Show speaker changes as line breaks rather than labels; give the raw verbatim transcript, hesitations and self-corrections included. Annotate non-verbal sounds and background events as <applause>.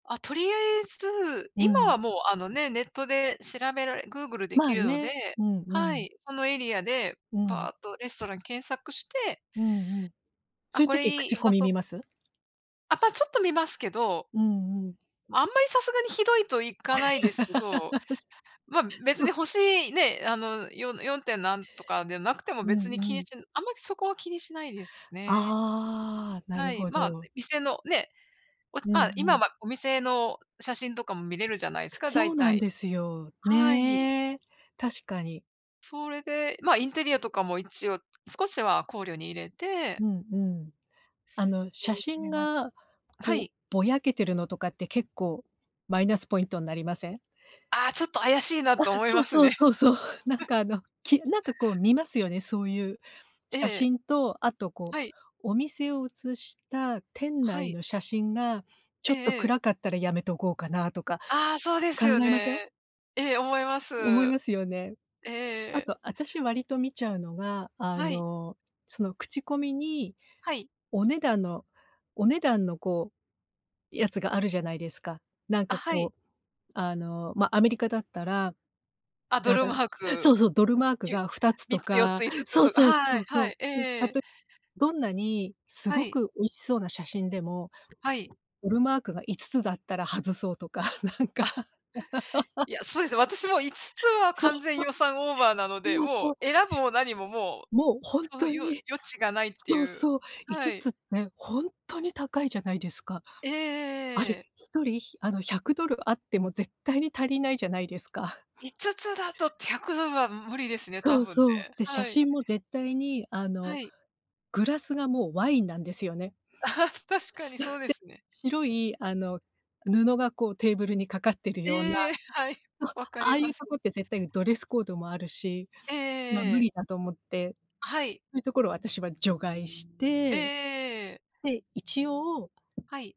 あ、とりあえず
う
今
ん。
はもう、あのね、ネットで調べられグーグルでき
ま、
るの
ね。
で、
うん、う
は
ん。
い、そのエリアで
うん。
ばっとレストラン検索して
うんうん、そ
あ、
ゆ
これ
時
いい、
口
良
コ
さ
ミ見
そ
ます？
あ、ぱ、ちょっと見ますけど
うんうん。
ま、あんまりさすがにひどいと行かないですけ
<laughs>
ど、ま、別
そ
に
う。
星ね、あの、よよんてん何とかでなくても
う
別に気
んう
に
ん。
しあんまりそこは気にしないですね。
ああ、な
は
る
い、
ほ
ま、
ど。
店のね、お
うん
ま、今
うん。
はお店の写真とかも見れるじゃないすか
そ
大
うなん
体、
ですよ。
はい。
ね、確かに。
それで、ま、インテリアとかも一応少しは考慮に入れて
うんうん、あの、写
え、決
真
めます。
が
は
こう
い。
ぼやけてるのとかって結構マイナスポイントんなりません？
あ、ちょっと怪しいな
あ、
と思い
そう、
ます
そう、
ね。
そう、そう <chuckles> なん
<laughs>
か、あの、きなんか、こう、見ますよね。そういう
え
写
え。
真と、あと、こ
はい。
う、お店を映した店
は
内
い。
の写真がちょ
え
っと
えええ。
暗かったらやめとこうかなとか
ああ、そうで
考
すよ
えま
ね。
せん？
ええ、思います、ええ
思います
え
よね。
ええ
あ
え。
と、あたし割と見ちゃうのが、あ
はい。
の、その口コミに
はい。
お値段のお値段の、こう、やつがあるじゃないですか。なん
あ、
か、
はい。
こう、あの、ま、アメリカだったら、
あ、ド
な
ル
ぶ
マ
ん
ー
そ
ク。
うそう！ドルマーク
ゆ
がふたつ
みっ
と
つよっ
か
ついつつ
そう
と
そう！
は
そ
い、
う、
は
そ
い、え
う、んた
え。
と、どんなにす
は
ご
い。
く美味しそうな写真でも
はい。
ドルマークがいつつだったら外そうとかなんか
<laughs>
<laughs>
いや、そうですね、私もいつつは
そう、
完全予算オーバーなので、
そう、
もう
そう、そ。
選ぶも何ももう、
もうほん
その
と
よ
に、
余地がないってい
そう
う。
そうい
は
つ
い。
つね、ほんとに高いじゃないですか。
ええ
あ
え
れ、
えええ。
ひとりひあの、ひゃくどるあっても絶対に足りないじゃないですか。<chuckles>
いつつだとひゃくどるはむ無理ですね、多
そう、
分ね、
そう、で写
はい。
真も絶対に、あ
は
の、
い。
グラスがもうワインなんですよね。
<laughs> 確か
そ
に
う、で
そうですね。
白い、あの、布が、こう、テーブルにかかってるような。
ええ、はい、
あ
分か
あ
り
あい
ま
うと
す。
こって絶対ドレスコードもあるし、
ええ
ま、
えええ
無
え。
理だと思ってそ
はい。
ういうところを私は除外し
えええ
て、
えええ。
で一応
はい。